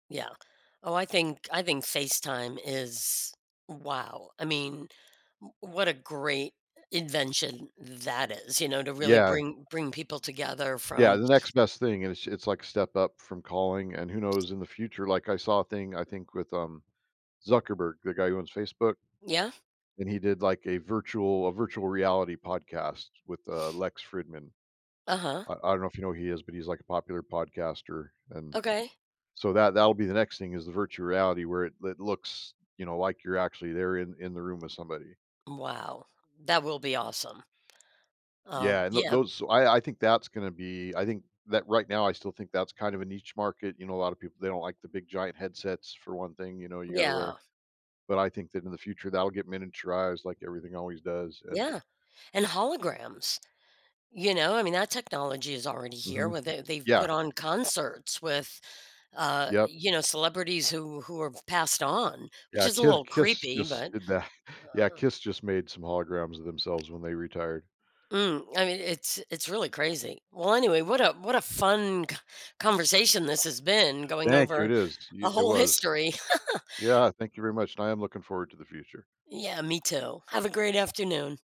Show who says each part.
Speaker 1: Yeah. Oh, I think I think FaceTime is, wow. I mean, w what a great i invention that is, you know, to really
Speaker 2: Yeah.
Speaker 1: bring bring people together
Speaker 2: Yeah,
Speaker 1: from
Speaker 2: the next best thing is it's, like, step up from calling, and who knows in the future. Like, I saw a thing, I think, with, um, Zuckerberg- the guy who owns Facebook-
Speaker 1: Yeah?
Speaker 2: and he did, like, a virtual a virtual reality podcast with, uh, Lex Fridman.
Speaker 1: Uh-huh.
Speaker 2: I I don't know if you know who he is, but he's, like, a popular podcaster, and
Speaker 1: Okay.
Speaker 2: So, that that'll be the next thing, is the virtual reality, where it it looks, you know, like you're actually there in in the room with somebody.
Speaker 1: Wow. That will be awesome.
Speaker 2: Yeah,
Speaker 1: Um,
Speaker 2: and tho
Speaker 1: yeah
Speaker 2: those so, I I think that's gonna be I think that, right now, I still think that's kind of a niche market. You know, a lotta people, they don't like the big giant headsets for one thing, you know, you gotta
Speaker 1: Yeah.
Speaker 2: wear but I think that in the future, that'll get miniaturized, like everything always does, and
Speaker 1: Yeah. And holograms. You know, I mean, that technology is already here,
Speaker 2: Mhm.
Speaker 1: where they they've
Speaker 2: Yeah.
Speaker 1: put on concerts with, uh,
Speaker 2: Yep.
Speaker 1: you know, celebrities who who have passed on, which
Speaker 2: Yeah,
Speaker 1: is a
Speaker 2: Ki
Speaker 1: little
Speaker 2: Kiss
Speaker 1: creepy,
Speaker 2: just
Speaker 1: but
Speaker 2: did that. Yeah, Kiss just made some holograms of themselves when they retired.
Speaker 1: Mm. I mean, it's it's really crazy. Well, anyway, what a what a fun c conversation this has been, going
Speaker 2: Thank you,
Speaker 1: over
Speaker 2: it is. Y
Speaker 1: a
Speaker 2: it
Speaker 1: whole
Speaker 2: was.
Speaker 1: history.
Speaker 2: Yeah, thank you very much, and I am looking forward to the future.
Speaker 1: Yeah, me too. Have a great afternoon.